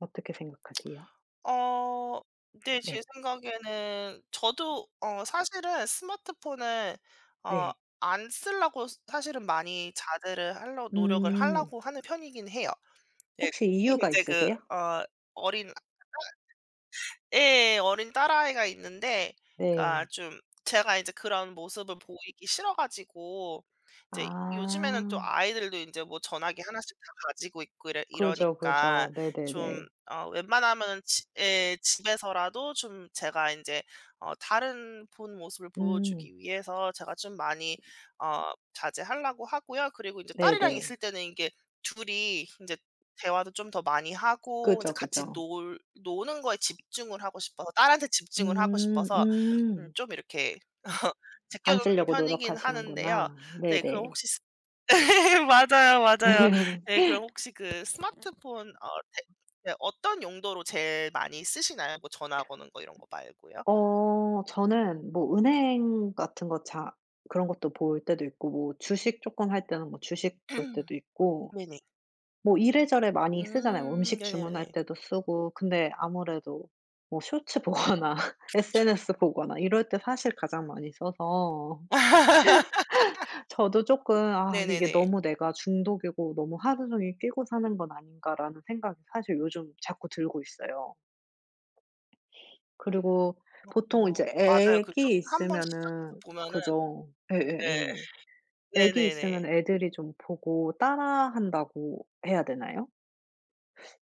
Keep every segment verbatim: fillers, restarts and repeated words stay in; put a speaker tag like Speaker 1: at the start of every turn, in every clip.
Speaker 1: 어떻게 생각하세요?
Speaker 2: 어. 네. 제
Speaker 1: 네.
Speaker 2: 생각에는 저도 어 사실은 스마트폰을 어
Speaker 1: 네.
Speaker 2: 안 쓰려고 스 사실은 많이 자제를 하려고 노력을
Speaker 1: 음.
Speaker 2: 하려고 하는 편이긴 해요. 네.
Speaker 1: 혹시
Speaker 2: 특히
Speaker 1: 이유가
Speaker 2: 인제 그
Speaker 1: 있으세요?
Speaker 2: 어 어린 [unintelligible] 예 어린 딸아이가 있는데 그러니까
Speaker 1: 네.
Speaker 2: 좀 제가 이제 그런 모습을 보이기 싫어 가지고. 이제 요즘에는 또
Speaker 1: 아.
Speaker 2: 아이들도 인제 뭐 전화기 하나씩 다 가지고 있고 이러
Speaker 1: 그죠,
Speaker 2: 이러니까
Speaker 1: 그죠.
Speaker 2: 좀
Speaker 1: 네네네.
Speaker 2: 어 웬만하면은 지 예 집에서라도 좀 제가 인제 어 다른 본모습을
Speaker 1: 음.
Speaker 2: 보여주기 위해서 제가 좀 많이 어 자제하려고 하고요. 그리고 이제 딸이랑
Speaker 1: 네네.
Speaker 2: 있을 때는 이게 둘이 인제 대화도 좀 더 많이 하고 이제
Speaker 1: 그죠,
Speaker 2: 같이
Speaker 1: 그죠.
Speaker 2: 놀 노는 거에 집중을 하고 싶어서 딸한테 집중을 하고
Speaker 1: 음.
Speaker 2: 싶어서 음
Speaker 1: 음.
Speaker 2: 좀 이렇게
Speaker 1: 안
Speaker 2: 제껴놓는
Speaker 1: 쓰려고
Speaker 2: 편이긴 하는데요.
Speaker 1: 노력하시는구나.
Speaker 2: 네. 그럼
Speaker 1: 네네.
Speaker 2: 혹시 스 네 맞아요, 맞아요. 네. 그럼 혹시 그 스마트폰 어 네 네 어떤 용도로 제일 많이 쓰시나요? 뭐 전화 거는 거 이런 거 말고요.
Speaker 1: 어 저는 뭐 은행 같은 거 자 그런 것도 볼 때도 있고 뭐 주식 쪼끔 할 때는 뭐 주식 볼 때도 있고.
Speaker 2: 네네.
Speaker 1: 뭐 이래저래 많이 쓰잖아요.
Speaker 2: 음.
Speaker 1: 음식 주문할
Speaker 2: 네네네.
Speaker 1: 때도 쓰고. 근데 아무래도 뭐 쇼츠 보거나
Speaker 2: 그쵸.
Speaker 1: SNS 보거나 이럴 때 사실 가장 많이 써서 저도 쪼끔 '아 이게
Speaker 2: 네네네.
Speaker 1: 너무 내가 중독이고 너무 하루 종일 끼고 사는 건 아닌가.'라는 생각이 사실 요즘 자꾸 들고 있어요. 그리고
Speaker 2: 어
Speaker 1: 보통
Speaker 2: 마
Speaker 1: 이제
Speaker 2: 맞아요. 그 쇼츠
Speaker 1: 애기
Speaker 2: 한번
Speaker 1: 있으면은
Speaker 2: 시작해서 보면은
Speaker 1: 그죠.
Speaker 2: 네.
Speaker 1: 예예예 애기
Speaker 2: 네네네.
Speaker 1: 있으면 애들이 좀 보고 따라 한다고 해야 되나요?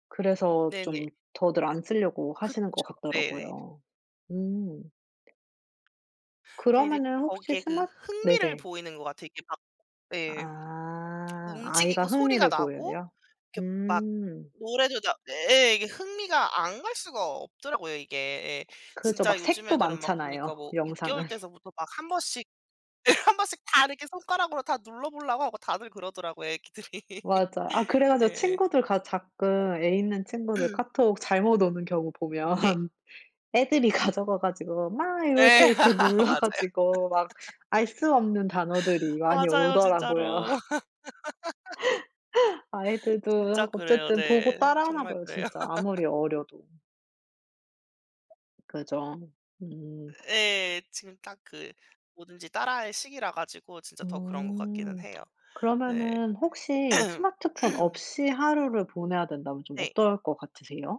Speaker 1: 그래서
Speaker 2: 네네.
Speaker 1: 좀 더들 안 쓰려고 하시는 것
Speaker 2: 그쵸. 네네.
Speaker 1: 같더라고요. 음.
Speaker 2: 근데 이제
Speaker 1: 그러면은 혹시
Speaker 2: 거기에 그
Speaker 1: 스마
Speaker 2: 흥미를
Speaker 1: 네네.
Speaker 2: 보이는 것 같아요. 이게 막 예
Speaker 1: 아. 아이가
Speaker 2: 움직이고 소리가
Speaker 1: 흥미를
Speaker 2: 나고
Speaker 1: 보여요?
Speaker 2: 이렇게 막
Speaker 1: 음.
Speaker 2: 노래도 나 네 예 이게 흥미가 안 갈 수가 없더라고요 이게. 예.
Speaker 1: 그죠.
Speaker 2: 진짜
Speaker 1: 막
Speaker 2: 요즘
Speaker 1: 색도
Speaker 2: 애들은 막 보니까
Speaker 1: 많잖아요,
Speaker 2: 뭐 육 개월
Speaker 1: 영상은.
Speaker 2: 때서부터 막 한번씩 네 한번씩 다 이렇게 손가락으로 다 눌러보려고 하고 다들 그러더라고요 애기들이.
Speaker 1: 맞아. 아 그래 가지고
Speaker 2: 예.
Speaker 1: 친구들 가 가끔 애 있는 친구들 카톡 잘못 오는 경우
Speaker 2: 네.
Speaker 1: 보면 애들이 가져가 가지고 막 이러 이렇게
Speaker 2: 네.
Speaker 1: 이렇게
Speaker 2: 아
Speaker 1: 눌러
Speaker 2: 맞아요.
Speaker 1: 가지고 막 알 수 없는 단어들이 많이
Speaker 2: 맞아요.
Speaker 1: 오더라고요.
Speaker 2: 진짜로. 진짜
Speaker 1: 아이들도
Speaker 2: 그래요.
Speaker 1: 어쨌든 보고
Speaker 2: 네.
Speaker 1: 따라 하나
Speaker 2: 정말
Speaker 1: 봐요,
Speaker 2: 그래요.
Speaker 1: 진짜 아무리 어려도. 그죠. 음.
Speaker 2: 예. 지금 딱 그 뭐든지 따라 할 시기라 가지고 진짜 더 그런 것 같기는
Speaker 1: 음.
Speaker 2: 해요. 네.
Speaker 1: 그러면은 혹시 스마트폰 없이 하루를 보내야 된다면 좀
Speaker 2: 네.
Speaker 1: 어떨 것 같으세요?